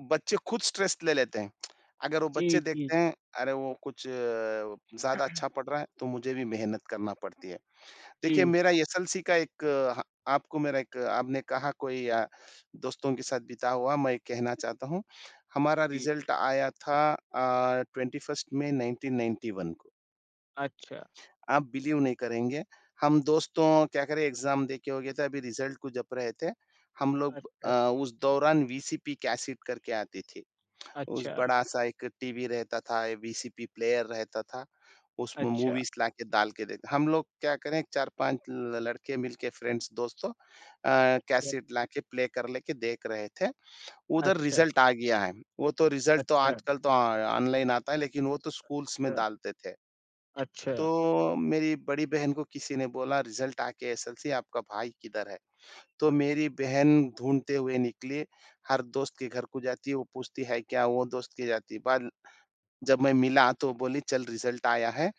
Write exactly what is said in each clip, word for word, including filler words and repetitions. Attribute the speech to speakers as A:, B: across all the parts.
A: बच्चे खुद स्ट्रेस ले लेते हैं। अगर वो
B: जी,
A: बच्चे
B: जी।
A: देखते हैं अरे, वो कुछ ज़्यादा अच्छा पढ़ रहा है, तो मुझे भी मेहनत करना पड़ती है। देखिए
B: जी।
A: मेरा एसएलसी का ह एक आपको मेरा एक आपने कहा कोई अ, दोस्तों के साथ बिता हुआ मैं एक कहना चाहता हूँ। हमारा
B: जी।
A: रिजल्ट आया था अ, twenty first May nineteen ninety one को।
B: अच्छा।
A: आप बिलीव नहीं करेंगे। हम दोस्तों क्या करें एग्ज़ाम देके हो गया था अभी रिजल्ट को जप रहे थे। हम लोग अ,
B: अच्छा।
A: उस दौरान वीसीपी कैसेट करके आती थी। उस
B: अच्छा।
A: बड़ा-सा एक टीवी रहता था, वीसीपी प्लेयर रहता था। उसमें
B: अच्छा।
A: मूवीज़ लाके डाल के देखते, हम लोग क्या करें चार पाँच ल लड़के मिलकर फ्रेंड्स दोस्तों अ,
B: अच्छा।
A: कैसेट लाके प्ले कर लेके देख रहे थे। उधर
B: अच्छा।
A: रिजल्ट आ गया है। वो तो रिजल्ट तो
B: अच्छा।
A: आजकल तो ऑनलाइन आता है, लेकिन वो तो स्कूल्स में
B: अच्छा।
A: डालते थे।
B: अच्छा।
A: तो मेरी बड़ी बहन को किसी ने बोला रिजल्ट आके एसएलसी आपका भाई किधर है? तो मेरी बहन ढूँढते हुए निकली। हर दोस्त के घर को जाती है, वो पूछती, है क्या? वो दोस्त के जाती। बाल जब मैं मिला, तो वो बोली चल रिजल्ट आया है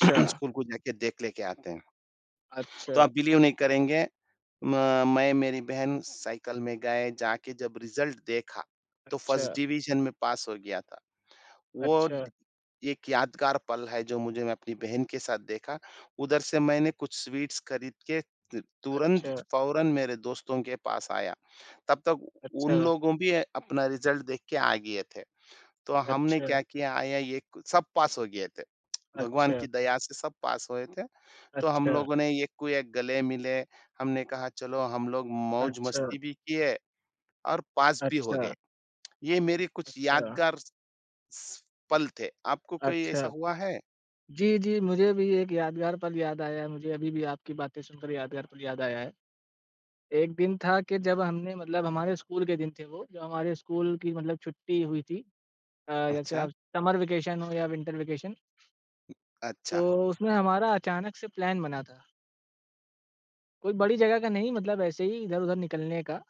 A: स्कूल को जाके देख लेके आते हैं। तो
B: अच्छा।
A: आप बिलीव नहीं करेंगे म मैं मेरी बहन साइकिल में गए। जाके जब रिजल्ट देखा तो फर्स्ट
B: अच्छा।
A: डिवीजन में पास हो गया था। वो
B: अच्छा।
A: एक यादगार पल है जो मुझे मैं अपनी बहन के साथ देखा, उधर से मैंने कुछ स्वीट्स खरीद के ल तुरंत,
B: अच्छा।
A: फौरन मेरे दोस्तों के पास आया। तब तक उन
B: अच्छा।
A: लोगों भी अपना रिजल्ट देख के आ गए थे। तो हमने
B: अच्छा।
A: क्या किया आया ये सब पास हो गए थे भगवान की
B: अच्छा।
A: दया से सब पास हुए थे। तो हम
B: अच्छा।
A: लोगों ने एक-एक गले मिले। हमने कहा चलो हम लोग
B: अच्छा।
A: मौज-मस्ती भी किए और पास भी हो
B: अच्छा।
A: गए। ये मेरे कुछ
B: अच्छा।
A: यादगार स पल थे। आपको कोई ऐसा
B: अच्छा।
A: हुआ है?
B: जी, जी मुझे भी एक यादगार पल याद आया है। मुझे अभी भी आपकी बातें सुनकर यादगार पल याद आया है। एक दिन था कि जब हमने मतलब हमारे स्कूल के दिन थे वो, जो हमारे स्कूल की मतलब छुट्टी हुई थी। अ, जैसे
A: अच्छा।
B: अब समर वैकैशन हो या विन्टर वैकैशन। तो
A: अच्छा।
B: उसमें हमारा अचानक से प्लान बना था। कोई बड़ी जगह का नहीं, मतलब ऐसे ही इधर-उधर निकलने का।